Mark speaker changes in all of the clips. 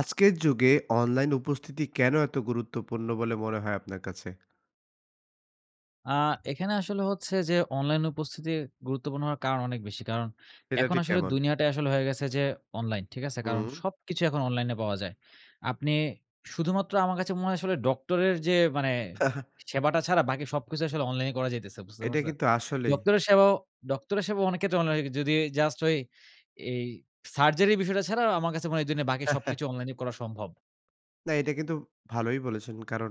Speaker 1: আজকের যুগে অনলাইন উপস্থিতি কেন এত গুরুত্বপূর্ণ বলে মনে হয় আপনার কাছে?
Speaker 2: আ এখানে আসলে হচ্ছে যে, অনলাইন উপস্থিতি গুরুত্বপূর্ণ হওয়ার কারণ অনেক বেশি। কারণ
Speaker 1: সেটা
Speaker 2: এখন
Speaker 1: ঠিক
Speaker 2: আসলে
Speaker 1: কেমন?
Speaker 2: দুনিয়াটাই আসলে হয়ে গেছে যে অনলাইন, ঠিক আছে? কারণ
Speaker 1: হুম।
Speaker 2: সবকিছু এখন অনলাইনে পাওয়া যায়। আপনি শুধুমাত্র আমার কাছে মনে হয় আসলে ডক্টরের যে মানে সেবাটা ছাড়া বাকি সবকিছু আসলে অনলাইনে করা যাইতেছে, বুঝতে
Speaker 1: এইটা
Speaker 2: পারছেন?
Speaker 1: কিন্তু আসলেই।
Speaker 2: ডক্টরের সেবাও ডক্টরের সেবাও অনেক ক্ষেত্রে অনলাইনে হয় যদি জাস্ট ওই এই সার্জারির বিষয়টা ছাড়া আ আমার কাছে মনে হয় এই দুনিয়ায় বাকি সবকিছু অনলাইনে করা সম্ভব।
Speaker 1: না এটা কিন্তু ভালোই বলেছেন। কারণ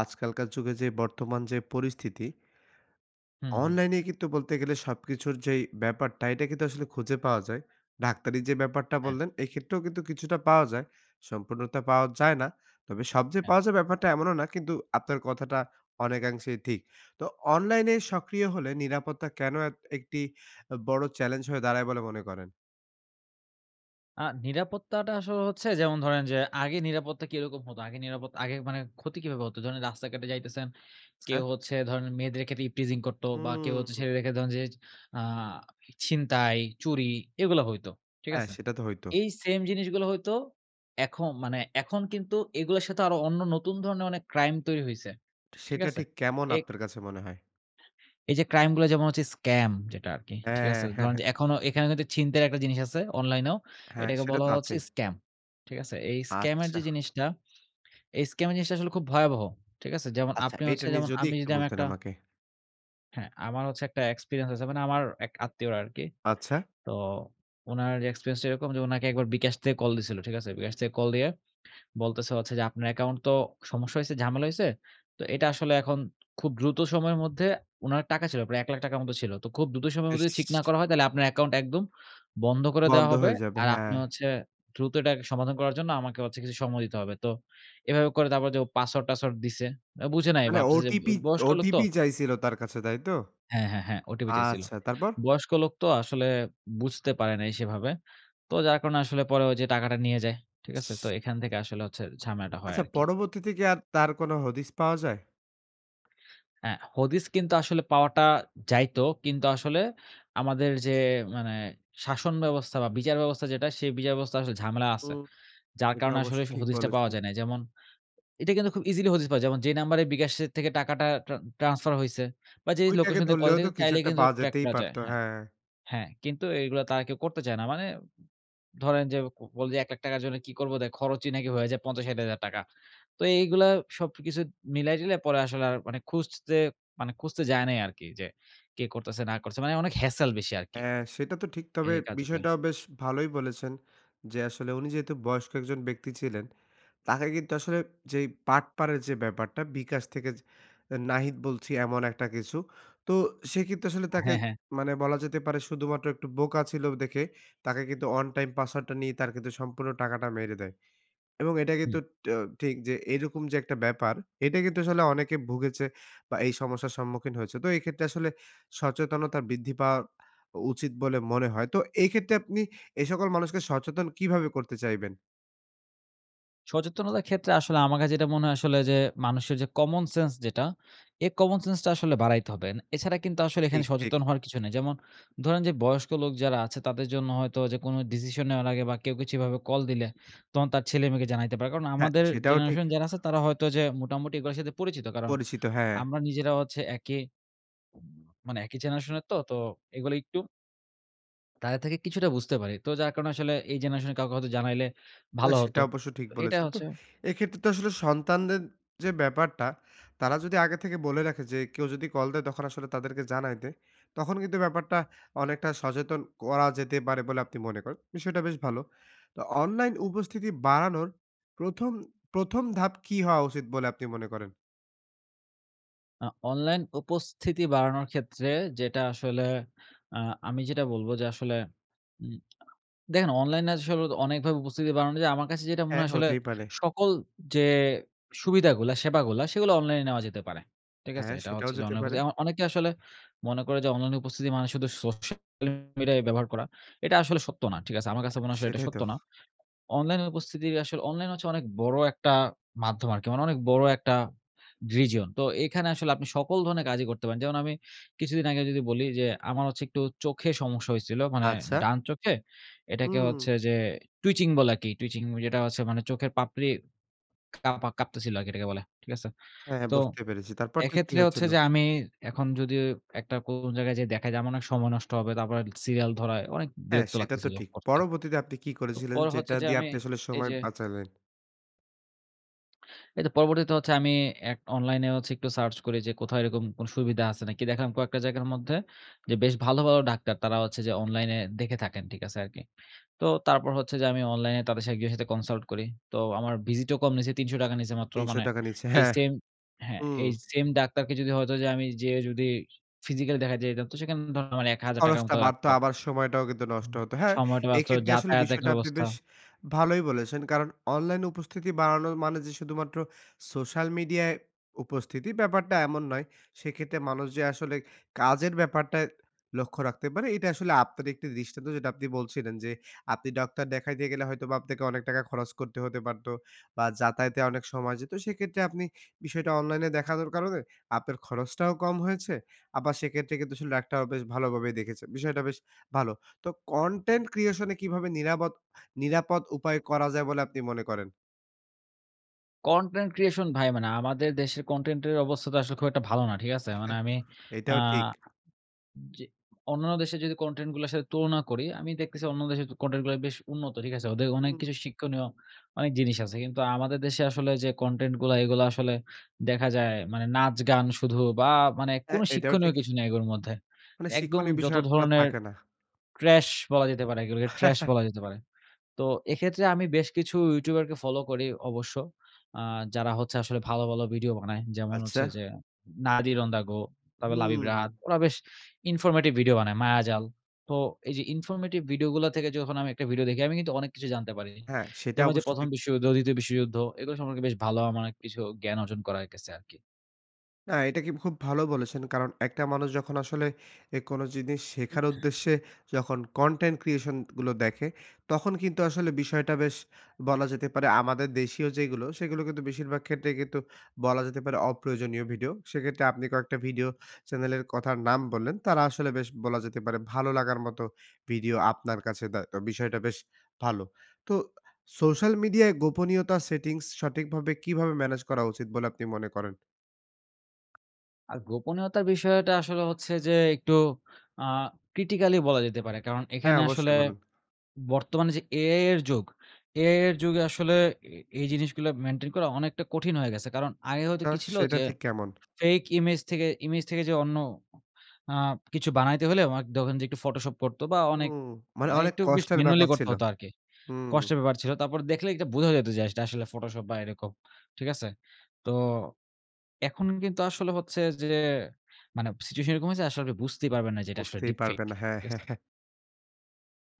Speaker 1: আজকালকার যুগে যে বর্তমান যে পরিস্থিতি
Speaker 2: হুম, হুম।
Speaker 1: অনলাইনেই কিন্তু বলতে গেলে সবকিছুর যেই ব্যাপারটা এটা কিন্তু আসলে খুঁজে পাওয়া যায়। ডাক্তারি যে ব্যাপারটা
Speaker 2: হ্যাঁ।
Speaker 1: বললেন এই ক্ষেত্রেও কিন্তু কিছুটা পাওয়া যায়। সম্পূর্ণতা পাওয়া যায় না। তবে সব যে
Speaker 2: হ্যাঁ।
Speaker 1: পাওয়া যায়, ব্যাপারটা এমনও না। কিন্তু আপনার কথাটা অনেকাংশেই ঠিক। তো অনলাইনে সক্রিয় হলে নিরাপত্তা কেন এত একটি আ বড় চ্যালেঞ্জ হয়ে দাঁড়ায় বলে মনে করেন?
Speaker 2: আ নিরাপত্তাটা আসলে হচ্ছে যেমন ধরেন যে, আগে নিরাপত্তা কিরকম হত? আগে নিরাপত আগে মানে ক্ষতি কীভাবে হত? ধরেন রাস্তাঘাটে যাইতেছেন,
Speaker 1: আচ্ছা।
Speaker 2: কেউ হচ্ছে ধরেন মেয়েদের ক্ষেত্রে ইভটিজিং করত। বা কেউ হচ্ছে
Speaker 1: উম।
Speaker 2: ছেলেদের ক্ষেত্রে ধরেন যে আ ই ছিনতাই, চুরি এগুলা হইতো, ঠিক
Speaker 1: হ্যাঁ
Speaker 2: আছে?
Speaker 1: সেটা তো হইতো।
Speaker 2: এই সেম জিনিসগুলো হইতো, এখম মানে এখন কিন্তু এগুলার সাথে আরো অন্য নতুন ধরনের অনেক ক্রাইম তৈরি হইছে,
Speaker 1: ঠি
Speaker 2: ঠিক
Speaker 1: সেটা
Speaker 2: আছে?
Speaker 1: ঠিক কেমন
Speaker 2: এ
Speaker 1: আপনার কাছে মনে হয়?
Speaker 2: এই যে ক্রাইম গুলা যেমন হচ্ছে, স্ক্যাম যেটা আরকি ঠিক
Speaker 1: হ্যাঁ,
Speaker 2: আছে?
Speaker 1: হ্যাঁ,
Speaker 2: ধরেন
Speaker 1: হ্যাঁ।
Speaker 2: যে এখনো এখানে কিন্তু ছিনতাই এর একটা জিনিস আছে, অনলাইনেও।
Speaker 1: হ্যাঁ
Speaker 2: এটাকে
Speaker 1: সেটা
Speaker 2: বলা
Speaker 1: তো
Speaker 2: হচ্ছে
Speaker 1: আছেই।
Speaker 2: স্ক্যাম, ঠিক আছে? এই স্ক্যামের
Speaker 1: আচ্ছা।
Speaker 2: যে জিনিসটা, এই স্ক্যামের জিনিসটা আসলে খুব ভয়াবহ, ঠিক আছে? যেমন
Speaker 1: আচ্ছা
Speaker 2: আপনি
Speaker 1: এইটা
Speaker 2: হচ্ছে
Speaker 1: নিয়ে
Speaker 2: যেমন
Speaker 1: যদি
Speaker 2: আমি
Speaker 1: একটু
Speaker 2: যদি আমি
Speaker 1: বলতেন
Speaker 2: একটা
Speaker 1: আমাকে?
Speaker 2: হ্যাঁ আমার হচ্ছে একটা এক্সপেরিয়েন্স আছে। মানে আমার এক আত্মীয়র আরকি।
Speaker 1: আচ্ছা?
Speaker 2: তো উনার এক্সপেরিয়েন্স টা এরকম যে উনাকে একবার bKash থেকে কল দিয়েছিল, ঠিক আছে? bKash থেকে কল দিয়ে বলতেছে হচ্ছে যে "আপনার অ্যাকাউন্ট তো সমস্যা হইছে, ঝামেলা হইছে। তো এটা আসলে এখন খুব দ্রুত সময়ের মধ্যে" উনার টাকা ছিল। প্রায় ১ লাখ টাকার মত ছিল। "তো খুব দ্রুত সময়ের মধ্যে যদি ঠিক না
Speaker 1: ইস!
Speaker 2: করা হয় তাহলে আপনার অ্যাকাউন্ট একদম বন্ধ করে দেয়া
Speaker 1: বন্ধ
Speaker 2: হবে।
Speaker 1: হয়ে যাবে
Speaker 2: আর আপনি
Speaker 1: হ্যাঁ।
Speaker 2: হচ্ছে দ্রুত এটাকে সমাধান করার জন্য আমাকে হচ্ছে কিছু সময় দিতে হবে।" তো এভাবে করে তারপর যে ও পাসওয়ার্ড টাসওয়ার্ড দিছে। ও বুঝে নাই
Speaker 1: মানে
Speaker 2: ভাবতেছে যে ব
Speaker 1: OTP,
Speaker 2: বয়স্ক লোক
Speaker 1: OTP
Speaker 2: তো
Speaker 1: চাইছিল তার কাছে তাই তো?
Speaker 2: হ্যাঁ, হ্যাঁ, হ্যাঁ OTP চাইছিল।
Speaker 1: আচ্ছা তারপর?
Speaker 2: বয়স্ক লোক তো আসলে বুঝতে পারে নাই সেভাবে। তো যার কারণে আসলে পরে ওইযে টাকাটা নিয়ে যায়, ঠিক আছে? তো
Speaker 1: ইশ!
Speaker 2: এখান থেকে আসলে হচ্ছে ঝামেলাটা হয়
Speaker 1: আচ্ছা
Speaker 2: আর কি।
Speaker 1: পরবর্তীতে কি আর তার কোনো হদিস পাওয়া যায়?
Speaker 2: হ্যাঁ হদিস কিন্তু আসলে পাওয়াটা যাইত। কিন্তু আসলে আমাদের যে মানে, শাসন ব্যবস্থা বা বিচার ব্যবস্থা যেটা, সেই বিচারব্যবস্থায় আসলে ঝামেলা আছে।
Speaker 1: হুম।
Speaker 2: যার
Speaker 1: এটা
Speaker 2: কারণে
Speaker 1: অবশ্য
Speaker 2: আসলে সে
Speaker 1: ঠিক
Speaker 2: হদিসটা পাওয়া
Speaker 1: বলেছেন।
Speaker 2: যায় নাই। যেমন, এটা কিন্তু খুব ইজিলি হদিস পাওয়া যায়। যেমন যে নাম্বারে bKash এর থেকে টাকাটা ট্রা ট্রান্সফার হইছে বা যেই
Speaker 1: ওইটাকে
Speaker 2: লোকেশন দিয়ে কল
Speaker 1: ধরলেও
Speaker 2: যায়
Speaker 1: তো কিছু
Speaker 2: চাইলেই
Speaker 1: একটা
Speaker 2: কিন্তু
Speaker 1: পাওয়া
Speaker 2: ট্র্যাক
Speaker 1: যেতেই
Speaker 2: করা যায়
Speaker 1: পারত,
Speaker 2: হ্যাঁ।
Speaker 1: হ্যাঁ।
Speaker 2: হ্যাঁ কিন্তু এইগুলা তারা কেউ করতে চায় না। মানে ধরেন যে কো বলে যে ১ লাখ টাকার জন্য কি করব? ওদের খরচই নাকি হয়ে যায় ৫০ ৬০ হাজার টাকা। তো এইগুলা সবকিছু মিলায় টিলায় পরে আসলে আর মানে খুঁজতে মানে খুঁজতে যায় নাই আরকি। যে কে করতেছে, না করছে। মানে অনেক হ্যসেল বেশি আরকি।
Speaker 1: হ্যাঁ সেটা তো ঠিক। তবে
Speaker 2: এই কাজগুলা
Speaker 1: বিষয়টাও বেশ ভালোই বলেছেন। যে আসলে উনি যেহেতু বয়স্ক একজন ব্যক্তি ছিলেন, তাকে কিন্তু আসলে যেই বাটপারের যে ব্যাপারটা bKash থেকে যে অ্যা নাহিদ বলছি এমন একটা কিছু। তো সে কিন্তু আসলে তাকে
Speaker 2: হ্যাঁ, হ্যাঁ।
Speaker 1: মানে বলা যেতে পারে শুধুমাত্র একটু বোকা ছিল দেখে, তাকে কিন্তু ওয়ান টাইম পাসওয়ার্ড টা নিয়ে তার কিন্তু সম্পূর্ণ টাকাটা মেরে দেয়। এবং এটা
Speaker 2: হুম।
Speaker 1: কিন্তু ট্যও ঠিক যে এইরকম যে একটা ব্যাপার, এটা কিন্তু আসলে অনেকে ভুগেছে বা এই সমস্যার সম্মুখীন হয়েছে। তো এই ক্ষেত্রে আসলে সচেতনতা বৃদ্ধি পাওয়া অ উচিত বলে মনে হয়। তো এই ক্ষেত্রে আপনি এ সকল মানুষকে সচেতন কিভাবে করতে চাইবেন?
Speaker 2: সচেতনতার ক্ষেত্রে আসলে আমার কাছে যেটা মনে হয় আসলে যে, মানুষের যে কমন সেন্স যেটা, এই কমন সেন্স টা আসলে বাড়াইতে হবে। এছাড়া কিন্তু আসলে এখানে
Speaker 1: ঠিক, ঠিক।
Speaker 2: সচেতন হওয়ার কিছু নেই। যেমন ধরেন যে বয়স্ক লোক যারা আছে তাদের জন্য হয়তো যে কোনো ডিসিশন নেওয়ার আগে বা কেউ কিছু এভাবে কল দিলে, তখন তার ছেলে-মেয়েকে জানাইতে পারে। কারণ
Speaker 1: হ্যাঁ
Speaker 2: আমাদের
Speaker 1: সেটাও ঠিক।
Speaker 2: জেনারেশন যারা আছে তারা হয়তো যে মোটামুটি এগুলার সাথে পরিচিত কারণ,
Speaker 1: পরিচিত হ্যাঁ।
Speaker 2: আমরা নিজেরাও হচ্ছে একই মানে একই জেনারেশন এর তো তো এগুলো একটু তাদের থেকে কিছুটা বুঝতে পারি। তো যার কারণে আসলে এই জেনারেশন এর কাউকে হয়তো জানাইলে ভাল
Speaker 1: না
Speaker 2: হত।
Speaker 1: সেটা অবশ্য ঠিক
Speaker 2: তো এইটা
Speaker 1: বলেছেন। তো
Speaker 2: হচ্ছে
Speaker 1: এক্ষেত্রে তো আসলে সন্তানদের যে ব্যাপারটা, তারা যদি আগে থেকে বলে রাখে যে, "কেউ যদি কল দেয় তখন আসলে তাদেরকে জানাই দে" তখন কিন্তু ব্যাপারটা অনেকটা সচেতন করা যেতে পারে বলে আপনি মনে করেন। বিষয়টা বেশ ভালো। তো অনলাইন উপস্থিতি বাড়ানোর প্রথম, প্রথম ধাপ কী হওয়া উচিত বলে আপনি মনে করেন?
Speaker 2: আ অনলাইন উপস্থিতি বাড়ানোর ক্ষেত্রে যেটা আসলে, আ আমি যেটা বলব যে আসলে, উম আ দেখেন অনলাইনে আসলে তো অনেকভাবে উপস্থিতি বানানো যায়। আমার কাছে যেটা মনে
Speaker 1: হ্যাঁ,
Speaker 2: হয় আসলে
Speaker 1: হতেই পারে।
Speaker 2: সকল যে সুবিধাগুলা, সেবাগুলা সেগুলো অনলাইনে নেওয়া যেতে পারে, ঠিক আছে?
Speaker 1: হ্যাঁ
Speaker 2: এটা
Speaker 1: সেটাও
Speaker 2: হচ্ছে যে
Speaker 1: যেতে
Speaker 2: অনলাইনে
Speaker 1: পারে।
Speaker 2: খোজে যেমন অনেকে আসলে মনে করে যে অনলাইনে উপস্থিতি মানে শুধু সোশ্যাল মিডিয়ায়ই ব্যবহার করা। এটা আসলে সত্য না, ঠিক আছে? আমার কাছে মনে আসলে এটা
Speaker 1: সেটাই তো।
Speaker 2: সত্য না। অনলাইনের উপস্থিতির আসলে অনলাইন হচ্ছে অনেক বড় একটা মাধ্যম আরকি। মানে অনেক বড় একটা region। তো এখানে আসলে আপনি সকল ধরনের কাজই করতে পারেন। যেমন আমি কিছুদিন আগে যদি বলি যে, আমার হচ্ছে একটু চোখে সমস্যা হইছিল। মানে
Speaker 1: আচ্ছা?
Speaker 2: ডান চোখে, এটাকে হচ্ছে
Speaker 1: উম।
Speaker 2: যে twitching বলা কি twitching ওই যেটা হচ্ছে মানে চোখের পাপড়ি কাপা কাঁপতেছিল আরকি এটাকে বলে, ঠিক আছে?
Speaker 1: হ্যাঁ, হ্যাঁ
Speaker 2: তো
Speaker 1: বুঝতে পেরেছি। তারপর ঠিক কি
Speaker 2: এক্ষেত্রে হচ্ছে
Speaker 1: হয়েছিল?
Speaker 2: যে আমি এখন যদি একটা কোন জায়গায় যাই দেখাই যে আমার অনেক সময় নষ্ট হবে। তারপরে অনেক সিরিয়াল ধরায় অনেক
Speaker 1: হ্যাঁ
Speaker 2: বিরক্ত
Speaker 1: সেটা তো
Speaker 2: লাগতেছিল
Speaker 1: ঠিক।
Speaker 2: করতে।
Speaker 1: পরবর্তীতে আপনি কি
Speaker 2: তো
Speaker 1: করেছিলেন?
Speaker 2: পরে
Speaker 1: যেটা
Speaker 2: হচ্ছে যে
Speaker 1: দিয়ে
Speaker 2: আমি
Speaker 1: আপনি আসলে
Speaker 2: এই
Speaker 1: সময়
Speaker 2: যে
Speaker 1: বাঁচালেন?
Speaker 2: এইত পরবর্তীতে হচ্ছে আমি এক অনলাইনে হচ্ছে একটু সার্চ করি যে কোথায় এরকম কোন সুবিধা আছে নাকি? দেখলাম কয়েকটা জায়গার মধ্যে, যে বেশ ভালো, ভালো ডাক্তার তারা হচ্ছে যে অনলাইনে দেখে থাকেন, ঠিক আছে আরকি। তো তারপর হচ্ছে যে আমি অনলাইনে তাদের সাথে গিয়ে সাথে কনসাল্ট করি। তো আমার ভিজিটও কম নিছে, ৳৩০০ নিছে মাত্র।
Speaker 1: তিনশো
Speaker 2: মানে
Speaker 1: টাকা নিছে
Speaker 2: এই
Speaker 1: হ্যাঁ।
Speaker 2: সেম হ্যাঁ
Speaker 1: উম।
Speaker 2: এই সেম ডাক্তারকে যদি হয়তো যে আমি যেয়ে যদি physically দেখাতে যাইতাম তো সেখানে ধরেন আমার ৳১,০০০
Speaker 1: খরচটা
Speaker 2: মত
Speaker 1: বাড়তো
Speaker 2: লাগত।
Speaker 1: আবার সময়টাও কিন্তু নষ্ট
Speaker 2: উম
Speaker 1: হতো। হ্যাঁ
Speaker 2: সময়টা বাঁচত।
Speaker 1: এক্ষেত্রে আসলে
Speaker 2: যাতায়াত একটা
Speaker 1: বিষয়টা আপনি
Speaker 2: ব্যবস্থা।
Speaker 1: বেশ ভালোই বলেছেন। কারণ অনলাইনে উপস্থিতি বাড়ানোর মানে যে শুধুমাত্র সোশ্যাল মিডিয়ায় উপস্থিতি, ব্যাপারটা এমন নয়। সেক্ষেত্রে মানুষ যে আসলে কাজের ব্যাপারটায় লক্ষ্য রাখতে পারে এটাই আসলে আপনার একটি দৃষ্টান্ত। যেটা আপনি বলছিলেন যে আপনি ডাক্তার দেখাইতে গেলে হয়তোবা আপনাকে অনেক টাকা খরচ করতে হতে পারতো বা, যাতায়াতে অনেক সময় যেত। সেক্ষেত্রে আপনি বিষয়টা অনলাইনে দেখানোর কারণে আপনার খরচটাও কম হয়েছে, আবার সেক্ষেত্রে কিন্তু আসলে ডাক্তারও বেশ ভালোভাবে দেখেছেন। বিষয়টা বেশ ভালো। তো কন্টেন্ট creation এ কীভাবে নিরাবদ নিরাপদ উপায় করা যায় বলে আপনি মনে করেন?
Speaker 2: কনটেন্ট creation ভাই মানে আমাদের দেশের কনটেন্টের অবস্থা তো আসলে খুব একটা ভালো না, ঠিক আছে? মানে আমি আ
Speaker 1: এইটাও ঠিক।
Speaker 2: যে অন্যান্য দেশের যদি কনটেন্টগুলার সাথে তুলনা করি, আমি দেখতেছি অন্য দেশের তু কনটেন্ট গুলা বেশ উন্নত, ঠিক আছে? ওদের অনেক
Speaker 1: হুম।
Speaker 2: কিছু শিক্ষণীয় অনেক জিনিস আছে। কিন্তু আমাদের দেশে আসলে যে কনটেন্টগুলা, এগুলা আসলে দেখা যায় মানে নাচ-গান শুধু। বা মানে
Speaker 1: হ্যাঁ।
Speaker 2: কোনো
Speaker 1: এইটাও
Speaker 2: শিক্ষণীয়
Speaker 1: ঠিক।
Speaker 2: কিছু নেই ওর মধ্যে।
Speaker 1: মানে
Speaker 2: একদম
Speaker 1: শিক্ষণীয়
Speaker 2: যত
Speaker 1: বিষয়টা
Speaker 2: ধরনের
Speaker 1: থাকে না।
Speaker 2: trash বলা যেতে পারে এগুলোকে trash বলা যেতে পারে। তো এক্ষেত্রে আমি বেশ কিছু ইউটিউবারকে ফলো করি অবশ্য। আ যারা হচ্ছে আসলে ভালো, ভালো ভিডিও বানায়। যেমন
Speaker 1: আচ্ছা।
Speaker 2: হচ্ছে যে Nadir On The Go, তারপর লাবিব
Speaker 1: হুম।
Speaker 2: রাহাত। ওরা বেশ informative ভিডিও বানায়। মায়াজাল। তো এই যে informative ভিডিওগুলা থেকে যখন আমি একটা ভিডিও দেখি, আমি কিন্তু অনেক কিছু জানতে পারি।
Speaker 1: হ্যাঁ। সেটা
Speaker 2: যেমন ওই যে
Speaker 1: অবশ্য
Speaker 2: প্রথম
Speaker 1: ঠিক।
Speaker 2: বিশ্বযুদ্ধ, দ্বিতীয় বিশ্বযুদ্ধ এগুলো সম্পর্কে বেশ ভালো আমার অনেক কিছু জ্ঞান অর্জন করায়ে গেছে আরকি।
Speaker 1: না এইটা কি খুব ভালো বলেছেন। কারণ একটা মানুষ যখন আসলে এ কোনো জিনিস শেখার উদ্দেশ্যে যখন কনটেন্ট ক্রিয়েশন গুলো দেখে, তখন কিন্তু আসলে বিষয়টা বেশ বলা যেতে পারে, আমাদের দেশীয় যেইগুলো সেগুলো কিন্তু বেশিরভাগ ক্ষেত্রেই কিন্তু বলা যেতে পারে অপ্রয়োজনীয় ভিডিও। সেক্ষেত্রে আপনি কয়েকটা ভিডিও চ্যানেলের কথার নাম বললেন। তারা আসলে বেশ বলা যেতে পারে ভালো লাগার মতো ভিডিও আপনার কাছে দেয়, তো বিষয়টা বেশ ভালো। তো আ সোশ্যাল মিডিয়ায় গোপনীয়তা সেটিংস সঠিকভাবে কিভাবে ম্যানেজ করা উচিত বলে আপনি মনে করেন?
Speaker 2: আ গোপনীয়তার বিষয়টা আসলে হচ্ছে যে একটু আ ক্রিটিক্যাল ই বলা যেতে পারে। কারণ
Speaker 1: হ্যাঁ
Speaker 2: এখানে
Speaker 1: অবশ্যই
Speaker 2: আসলে
Speaker 1: বলুন।
Speaker 2: বর্তমানে যে AI এর যুগ, AI এর যুগে আসলে এ এই জিনিসগুলা মেনটেন করা অনেকটা কঠিন হয়ে গেছে। কারণ আগে হয়তো
Speaker 1: তা
Speaker 2: কি ছিল?
Speaker 1: সেটা
Speaker 2: যে
Speaker 1: ঠিক কেমন?
Speaker 2: ফেইক ইমেজ থেকে ইমেজ থেকে যে অন্য আ কিছু বানাইতে হইলে মাক ধরেন যে একটু Photoshop করতো বা অনেক
Speaker 1: উম মানে
Speaker 2: মানে
Speaker 1: অনেক
Speaker 2: একটু বেশ
Speaker 1: কষ্টের
Speaker 2: ম্যানুয়ালি
Speaker 1: ব্যাপার
Speaker 2: করতে
Speaker 1: ছিল।
Speaker 2: হতো আরকি।
Speaker 1: হুম।
Speaker 2: কষ্টের ব্যাপার ছিল। তারপর দেখলে এইটা বোঝা যেইতো যে এটা আসলে ফটোশপ বা এইরকম, ঠিক আছে? তো, এখন কিন্তু আসলে হচ্ছে যে মানে সিচুয়েশন এরকম হয়েছে আসলে বুঝতেই পারবেন না যে এটা আসলে
Speaker 1: বুঝতেই
Speaker 2: ডিপ ফেইক
Speaker 1: পারবেন না হ্যাঁ।
Speaker 2: ঠিক আছে?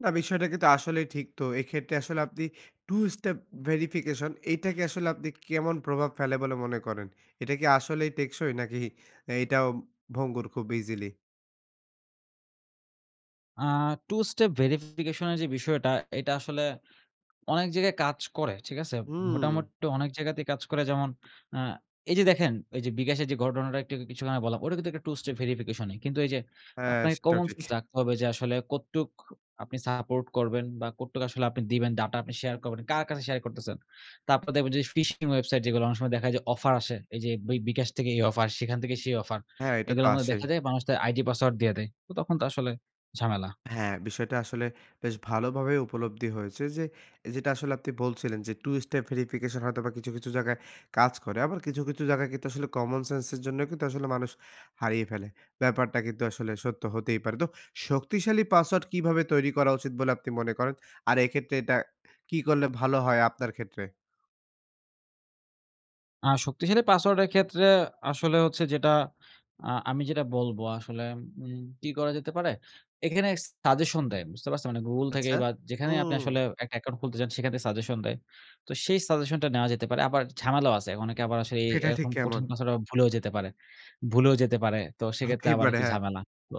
Speaker 1: না বিষয়টা কিন্তু আসলেই ঠিক। তো এক্ষেত্রে আসলে আপনি 2 স্টেপ ভেরিফিকেশন, এইটাকে আসলে আপনি কেমন প্রভাব ফেলে বলে মনে করেন? এটা কি আসলেই টেকসই? নাকি এইটাও ভঙ্গুর খুব ইজিলি?
Speaker 2: আ 2 স্টেপ ভেরিফিকেশন এর যেই বিষয়টা, এটা আসলে অনেক জায়গায় কাজ করে, ঠিক আছে?
Speaker 1: হুম।
Speaker 2: মোটামুটি অনেক জায়গাতেই কাজ করে যেমন, আ এই যে দেখেন ঐ যে বিকাশের যে ঘটনাটা একটু আগে কিছুক্ষন আগে বললাম। ওটাও কিন্তু একটা 2 স্টেপ ভেরিফিকেশন ই। কিন্তু এই যে
Speaker 1: হ্যাঁ
Speaker 2: আপনাকে
Speaker 1: সেটাও ঠিক।
Speaker 2: কমনসেন্স রাখতে হবে, যে আসলে কতটুক আপনি সাপোর্ট করবেন? বা কতটুক আসলে আপনি দিবেন ডাটা? আপনি শেয়ার করবেন। কার কাছে শেয়ার করতেছেন? তারপরে দেখবেন যে এই ফিশিং ওয়েবসাইট যেগুলো, অনেক সময় দেখায় যে অফার আসে। এই যে বিক বিকাশ এই থেকে এই অফার, সেখান থেকে সেই অফার।
Speaker 1: হ্যাঁ এইটা তো
Speaker 2: এগুলোর মধ্যে
Speaker 1: আসেই।
Speaker 2: দেখা যায় মানুষ তার আইডি পাসওয়ার্ড দিয়ে দেয়। তো তখন তো আসলে ঝামেলা।
Speaker 1: হ্যাঁ, বিষয়টা আসলে বেশ ভালোভাবেই উপলব্ধি হয়েছে যে, এ যেটা আসলে আপনি বলছিলেন যে, 2 স্টেপ ভেরিফিকেশন হয়তোবা কিছু, কিছু জায়গায় কাজ করে। আবার কিছু, কিছু জায়গায় কিন্তু আসলে কমন সেন্স এর জন্যেও কিন্তু আসলে মানুষ হারিয়ে ফেলে। ব্যাপারটা কিন্তু আসলে সত্য হতেই পারে। তো শক্তিশালী পাসওয়ার্ড কিভাবে তৈরি করা উচিত বলে আপনি মনে করেন? আর এক্ষেত্রে এটা, কি করলে ভালো হয় আপনার ক্ষেত্রে?
Speaker 2: আ শক্তিশালী পাসওয়ার্ডের ক্ষেত্রে আসলে হচ্ছে যেটা আ আমি যেটা বলবো আসলে উম কি করা যেতে পারে? এখানে সাজেশন দেয়। বুঝতে পারছেন? মানে গুগল
Speaker 1: আচ্ছা।
Speaker 2: থেকেই বা যেখানেই আপনি
Speaker 1: হুম।
Speaker 2: আসলে একটা অ্যাকাউন্ট খুলতে চান সেখানটাই সাজেশন দেয়। তো সেই সাজেশনটা নেওয়া যেতে পারে। আবার ঝামেলাও আছে। অনেকে আবার আসলে এ
Speaker 1: এটা ঠিক
Speaker 2: এরকম
Speaker 1: কেমন?
Speaker 2: কঠিন পাসওয়ার্ড আবার ভুলেও যেতে পারে ভুলেও যেতে পারে। তো সেইক্ষেত্রে
Speaker 1: হতেই
Speaker 2: আবার
Speaker 1: পারে,
Speaker 2: একটু
Speaker 1: হ্যাঁ।
Speaker 2: ঝামেলা। তো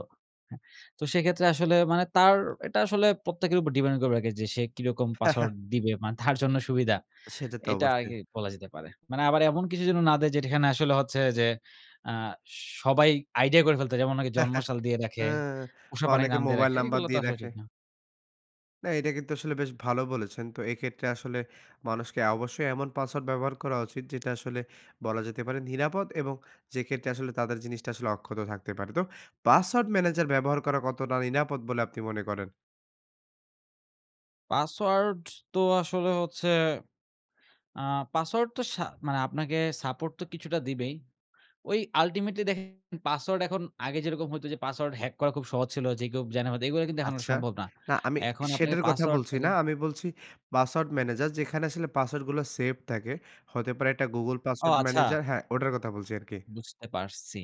Speaker 2: হ্যাঁ, তো সেইক্ষেত্রে আসলে মানে তার এটা আসলে প্রত্যেকের উপর depend করবে আরকি যে সে কিরকম
Speaker 1: হ্যাঁ, হ্যাঁ।
Speaker 2: পাসওয়ার্ড দিবে। মানে তার জন্য সুবিধা।
Speaker 1: সেটা তো
Speaker 2: এটা
Speaker 1: অবশ্যই।
Speaker 2: আগেই বলা যেতে পারে। মানে আবার এমন কিছু যেন না দেয় যেটা এখানে আসলে হচ্ছে যে আ সবাই আইডিয়া করে ফেলতে পারে। যেমন অনেকে
Speaker 1: হ্যাঁ, হ্যাঁ,
Speaker 2: জন্মসাল দিয়ে রাখে,
Speaker 1: হ্যাঁ।
Speaker 2: পোষা
Speaker 1: বা
Speaker 2: প্রাণীর
Speaker 1: অনেকে
Speaker 2: নাম দিয়ে
Speaker 1: মোবাইল
Speaker 2: রাখে।
Speaker 1: নাম্বার
Speaker 2: এগুলা তো
Speaker 1: দিয়ে
Speaker 2: আসলে
Speaker 1: রাখে।
Speaker 2: ঠিক না।
Speaker 1: না, এটা কিন্তু আসলে বেশ ভালো বলেছেন। তো এক্ষেত্রে আসলে মানুষকে অবশ্যই এমন পাসওয়ার্ড ব্যবহার করা উচিত, যেটা আসলে বলা যেতে পারে নিরাপদ এবং যে ক্ষেত্রে আসলে তাদের জিনিসটা আসলে অক্ষত থাকতে পারে। তো পাসওয়ার্ড ম্যানেজার ব্যবহার করা কতটা নিরাপদ বলে আপনি মনে করেন?
Speaker 2: পাসওয়ার্ড তো আসলে হচ্ছে, আ পাসওয়ার্ড তো শা মানে আপনাকে support তো কিছুটা দিবেই। ওই ultimately দেখেন পাসওয়ার্ড এখন আগে যেরকম হইতো যে পাসওয়ার্ড হ্যাক করা খুব সহজ ছিল। যে কেউ জাইনা ফেলতো এগুলো কিন্তু এখন আর
Speaker 1: আচ্ছা।
Speaker 2: সম্ভব না।
Speaker 1: না, আমি
Speaker 2: এখন আপনাকে
Speaker 1: সেটার কথা
Speaker 2: পাসওয়ার্ড
Speaker 1: বলছি
Speaker 2: থাকে।
Speaker 1: না। আমি বলছি পাসওয়ার্ড ম্যানেজার যেখানে আসলে পাসওয়ার্ডগুলো সেভ থাকে। হতে পারে একটা গুগল
Speaker 2: ও
Speaker 1: পাসওয়ার্ড
Speaker 2: আচ্ছা!
Speaker 1: ম্যানেজার। হ্যাঁ, ওটার কথা বলছি আরকি।
Speaker 2: বুঝতে পারছি।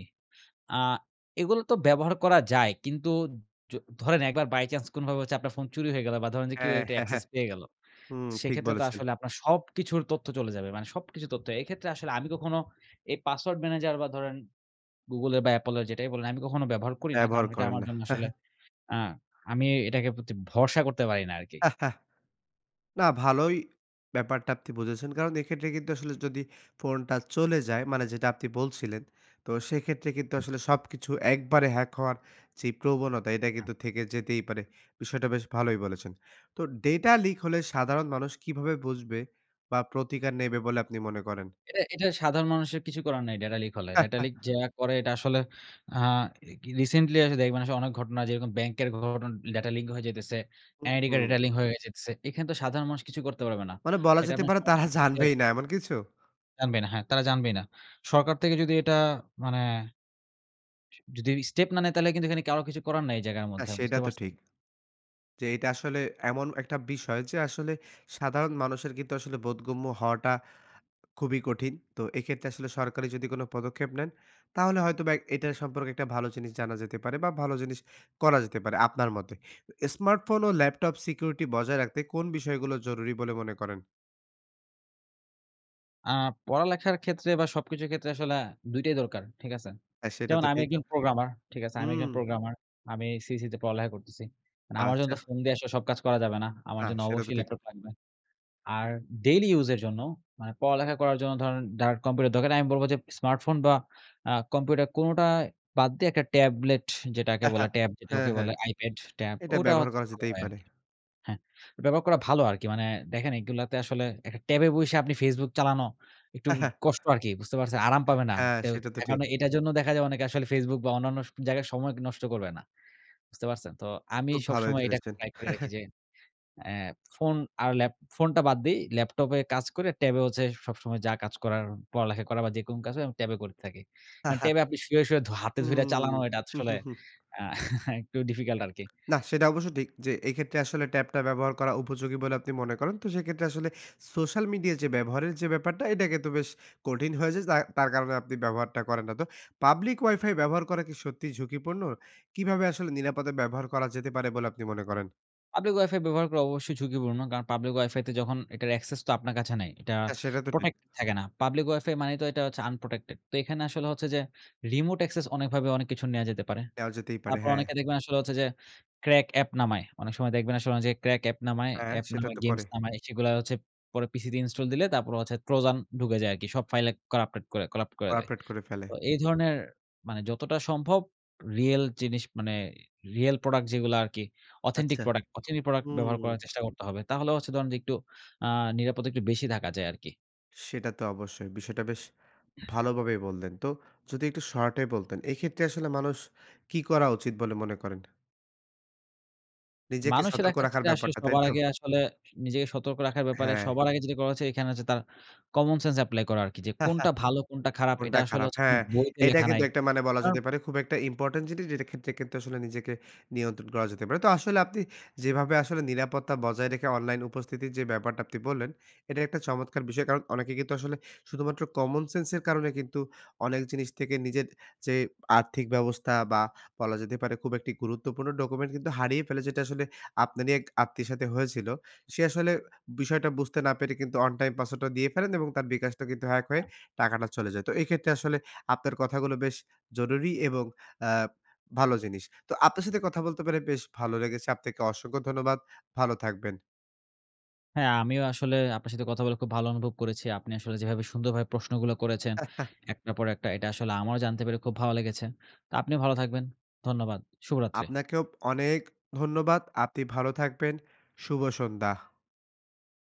Speaker 2: আ এগুলো তো ব্যবহার করা যায়। কিন্তু য ধরেন একবার বাই চান্স কোনোভাবে হচ্ছে আপনার ফোন চুরি হয়ে গেল বা ধরেন যে কেউ
Speaker 1: হ্যাঁ,
Speaker 2: এটার
Speaker 1: হ্যাঁ, হ্যাঁ।
Speaker 2: অ্যাকসেস পেয়ে গেল।
Speaker 1: হুম ঠিক
Speaker 2: সেইক্ষেত্রে তো
Speaker 1: বলেছেন।
Speaker 2: আসলে আপনার সবকিছুর তথ্য চলে যাবে। মানে সবকিছু তথ্য। এইক্ষেত্রে আসলে আমি কখনো এই পাসওয়ার্ড ম্যানেজার বা ধরেন গুগলের বা অ্যাপলের যেটাই বলেন, আমি কখনো ব্যবহার করি না। কারণ,
Speaker 1: ব্যবহার
Speaker 2: ঐটা
Speaker 1: করেন
Speaker 2: আমার
Speaker 1: না।
Speaker 2: জন্য
Speaker 1: হ্যাঁ,
Speaker 2: আসলে
Speaker 1: হ্যাঁ।
Speaker 2: আ আমি এটাকে প্রতি ভরসা করতে পারি না আরকি।
Speaker 1: হ্যাঁ, হ্যাঁ। না, ভালোই ব্যাপারটা আপনি বুঝেছেন। কারণ, এক্ষেত্রে কিন্তু আসলে যদি ফোনটা চলে যায় মানে যেটা আপনি বলছিলেন তো সেইক্ষেত্রে কিন্তু
Speaker 2: হুম।
Speaker 1: আসলে সবকিছু একবারে হ্যাক হওয়ার যেই প্রবণতা, এটা
Speaker 2: হ্যাঁ।
Speaker 1: কিন্তু থেকে যেতেই পারে। বিষয়টা বেশ ভালোই বলেছেন। তো ডেটা লিক হলে সাধারণ মানুষ কীভাবে বুঝবে বা প্রতিকার নেবে বলে আপনি মনে করেন?
Speaker 2: এটা, এটা সাধারণ মানুষের কিছু করার নাই ডেটা লিক হলে। ডেটা লিক যারা করে এটা আসলে আ re recently আসলে দেখবেন আসলে অনেক ঘটনা যেরকম ব্যাংকের ঘটনা ডেটা লিক হয়ে যাইতেছে।
Speaker 1: হুম,
Speaker 2: এনআইডি কার্ডের
Speaker 1: হুম।
Speaker 2: ডেটা লিক হয়ে যাইতেছে। এখানে তো সাধারণ মানুষ কিছুই করতে পারবে না।
Speaker 1: মানে বলা
Speaker 2: এটা
Speaker 1: যেতে
Speaker 2: আপনার
Speaker 1: পারে তারা
Speaker 2: সরকার থেকে
Speaker 1: জানবেই না এমন কিছু?
Speaker 2: জানবেই না। হ্যাঁ, তারা জানবেই না। সরকার থেকে যদি এটা মানে স যদি স্টেপ না নেয় তাহলে কিন্তু এখানে কারো কিছু করার নাই এই জায়গার
Speaker 1: না,
Speaker 2: মধ্যে।
Speaker 1: সেটা
Speaker 2: বুঝতে
Speaker 1: তো
Speaker 2: পারছেন?
Speaker 1: ঠিক। যে এইটা আসলে এমন একটা বিষয় যে আসলে সাধারণ মানুষের কিন্তু আসলে বোধগম্য হওয়াটা খুবই কঠিন। তো এইক্ষেত্রে আসলে সরকারি যদি কোনো পদক্ষেপ নেন, তাহলে হয়তোবা এটা সম্পর্কে একটা ভালো জিনিস জানা যেতে পারে বা ভালো জিনিস করা যেতে পারে আপনার মতে। তো স্মার্টফোন ও ল্যাপটপ security বজায় রাখতে কোন বিষয়গুলো জরুরি বলে মনে করেন?
Speaker 2: আ পড়ালেখার ক্ষেত্রে বা সবকিছুর ক্ষেত্রে আসলে ২ টাই দরকার, ঠিক আছে?
Speaker 1: হ্যাঁ সেটা
Speaker 2: যেমন
Speaker 1: তো
Speaker 2: আমি
Speaker 1: ঠিক।
Speaker 2: একজন প্রোগ্রামার, ঠিক আছে? আমি একজন
Speaker 1: হুম।
Speaker 2: প্রোগ্রামার, আমি সিইসি তে পড়ালেখা করতেছি। মানে আমার জন্য
Speaker 1: আচ্ছা।
Speaker 2: তো ফোন দিয়ে আসলে সব কাজ করা যাবে না, আমার
Speaker 1: না
Speaker 2: জন্য
Speaker 1: সেটা তো
Speaker 2: অবশ্যই
Speaker 1: ঠিক।
Speaker 2: ল্যাপটপ লাগবে। আর ডেইলি ইউজ এর জন্য মানে পড়ালেখা করার জন্য ধরেন ডার কম্পিউটার দরকার নেই আমি বলব যে স্মার্টফোন বা আ কম্পিউটার কোনটা বাদ দিয়ে একটা ট্যাবলেট যেটাকে বলে, ট্যাব
Speaker 1: হ্যাঁ
Speaker 2: যেটাকে
Speaker 1: হ্যাঁ।
Speaker 2: বলে। আইপ্যাড, ট্যাব
Speaker 1: এটা
Speaker 2: ওটা
Speaker 1: ব্যবহার
Speaker 2: হচ্ছে
Speaker 1: করা
Speaker 2: ভালো
Speaker 1: যেতেই
Speaker 2: হয়
Speaker 1: পারে।
Speaker 2: আরকি হ্যাঁ, ব্যবহার করা ভালো আরকি। মানে দেখেন এগুলাতে আসলে একটা ট্যাবে বইসা আপনি ফেসবুক চালানো একটু কষ্ট আরকি বুঝতে পারছে? আরাম পাবে না।
Speaker 1: হ্যাঁ।
Speaker 2: টেও
Speaker 1: সেটা তো
Speaker 2: এখন
Speaker 1: ঠিক।
Speaker 2: এটার জন্যও দেখা যায় অনেকে আসলে Facebook বা অন্যান্য স জায়গায় সময় নষ্ট করবে না। বুঝতে পারছেন? তো আমি
Speaker 1: খুব ভালোই
Speaker 2: সবসময় এটা
Speaker 1: ধরেছেন।
Speaker 2: ট্রাই করি আরকি যে অ্যা ফোন আর ল্যাপ ফোনটা বাদ দেই। ল্যাপটপে কাজ করে, ট্যাবে হচ্ছে সবসময় যা কাজ করার পড়ালেখা করা বা যেকোনো কাজ হয় আমি ট্যাবে করে থাকি। কারণ ট্যাবে আপনি শুয়ে, শুয়ে ধ হাতে ধইরা চালানো
Speaker 1: হুম।
Speaker 2: এটা আসলে আ একটু difficult আরকি।
Speaker 1: নাহ সেটা অবশ্য ঠিক। যে এইক্ষেত্রে আসলে ট্যাব টা ব্যবহার করা উপযোগী বলে আপনি মনে করেন। তো সেক্ষেত্রে আসলে সোশ্যাল মিডিয়া যে ব্যবহারের যে ব্যাপারটা এটাকে তো বেশ কঠিন হয়ে যায়। যা তার কারণে আপনি ব্যবহারটা করেন না তো। পাবলিক ওয়াইফাই ব্যবহার করা কি সত্যিই ঝুঁকিপূর্ণ? কিভাবে আসলে নিরাপদে ব্যবহার করা যেতে পারে বলে আপনি মনে করেন?
Speaker 2: পাবলিক ওয়াইফাই ব্যবহার করা অবশ্যই ঝুঁকিপূর্ণ। কারণ পাবলিক ওয়াইফাইতে যখন এটার অ্যাকসেস তো আপনার কাছে নাই। এটা
Speaker 1: হ্যাঁ সেটা তো ঠিক।
Speaker 2: প্রটেক্ট থাকে না। পাবলিক ওয়াইফাই মানেই তো এটা হচ্ছে unprotected। তো এখানে আসলে হচ্ছে যে, রিমোট access অনেকভাবে অনেক কিছুর নেওয়া যেতে পারে।
Speaker 1: দেওয়া যেতেই পারে।
Speaker 2: তারপর
Speaker 1: হ্যাঁ।
Speaker 2: অনেকে দেখবেন আসলে হচ্ছে যে crack অ্যাপ নামায়। অনেক সময় দেখবেন আসলে অনেক জায়গায় crack অ্যাপ নামায়,
Speaker 1: হ্যাঁ।
Speaker 2: অ্যাপ
Speaker 1: সেটা
Speaker 2: নামায়,
Speaker 1: তো
Speaker 2: গেমস
Speaker 1: করে।
Speaker 2: নামায়। সেগুলা হচ্ছে পরে পিসি দিয়ে ইনস্টল দিলে তারপরে হচ্ছে Trojan ঢুকে যায় আরকি। সব ফাইলে করাপ্টেড করে করাপ্ট করে দেয়।
Speaker 1: করাপ্টেড করে ফেলে।
Speaker 2: তো এই ধরনের মানে যতটা সম্ভব রিয়েল জিনিস মানে রিয়েল প্রোডাক্ট যেগুলা আরকি, অথেন্টিক
Speaker 1: আচ্ছা
Speaker 2: প্রোডাক্ট অথেন্টিক প্রোডাক্ট ব্যবহার
Speaker 1: হুম।
Speaker 2: করার চেষ্টা করতে হবে। তাহলে হচ্ছে ধরেন যে একটু আ নিরাপদ একটু বেশি থাকা যায় আরকি।
Speaker 1: সেটা তো অবশ্যই। বিষয়টা বেশ ভালোভাবেই বললেন। তো যদি একটু শর্টে বলতেন, এক্ষেত্রে আসলে মানুষ কি করা উচিত বলে মনে করেন? নিজেকে
Speaker 2: মানুষের
Speaker 1: সতর্ক রাখার
Speaker 2: এক্ষেত্রে আসলে
Speaker 1: ব্যাপারটা, তাই
Speaker 2: সবার
Speaker 1: তো?
Speaker 2: আগে আসলে নিজেকে সতর্ক রাখার ব্যাপারে
Speaker 1: হ্যাঁ।
Speaker 2: সবার আগে যেটা করা হচ্ছে এইখানে হচ্ছে তার কমনসেন্স এপ্লাই করা আরকি। যে কোনটা ভালো? কোনটা খারাপ? এটা
Speaker 1: কোনটা
Speaker 2: আসলে
Speaker 1: খারাপ
Speaker 2: হচ্ছে কোনো
Speaker 1: হ্যাঁ।
Speaker 2: বইতে
Speaker 1: এইটা
Speaker 2: লেখা নাই।
Speaker 1: কিন্তু একটা মানে বলা
Speaker 2: কারণ
Speaker 1: যেতে পারে খুব একটা ইম্পোর্টেন্ট জিনিস যেইটার ক্ষেত্রে কিন্তু আসলে নিজেকে নিয়ন্ত্রণ করা যেতে পারে। তো আসলে আপনি যেভাবে আসলে নিরাপত্তা বজায় রেখে অনলাইন উপস্থিতির যে ব্যাপারটা আপনি বললেন, এটা একটা চমৎকার বিষয়। কারণ, অনেকে কিন্তু আসলে শুধুমাত্র কমনসেন্স এর কারণে কিন্তু অনেক জিনিস থেকে নিজের যে আর্থিক ব্যবস্থা বা বলা যেতে পারে খুব একটি গুরুত্বপূর্ণ ডকুমেন্ট কিন্তু হারিয়ে ফেলে। যেটা আসলে আপনারই এক আত্মীয়ের সাথে হয়েছিল। সে আসলে বিষয়টা বুঝতে না পেরে কিন্তু 1 টাইম পাসওয়ার্ড টা দিয়ে ফেলেন এবং তার bKash টা কিন্তু হ্যাক হয়ে
Speaker 2: আহ
Speaker 1: টাকাটা চলে যায়। তো এইক্ষেত্রে আসলে আপনার কথাগুলো বেশ জরুরি এবং অ্যা ভালো জিনিস। তো আপনার সাথে কথা বলতে পেরে বেশ ভালো লেগেছে। আপনাকে অসংখ্য ধন্যবাদ। ভালো থাকবেন।
Speaker 2: হ্যাঁ আমিও আসলে আপনার সাথে কথা বলে খুব ভালো অনুভব করেছি। আপনি আসলে যেভাবে সুন্দরভাবে প্রশ্নগুলা করেছেন একটার পর একটা, এটা আসলে আমারও জানতে পেরে খুব ভালো লেগেছে। তো আপনিও ভালো থাকবেন। ধন্যবাদ। শুভরাত্রি।
Speaker 1: আপনাকেও অনেক ধন্যবাদ। আপনি ভালো থাকবেন। শুভ সন্ধ্যা।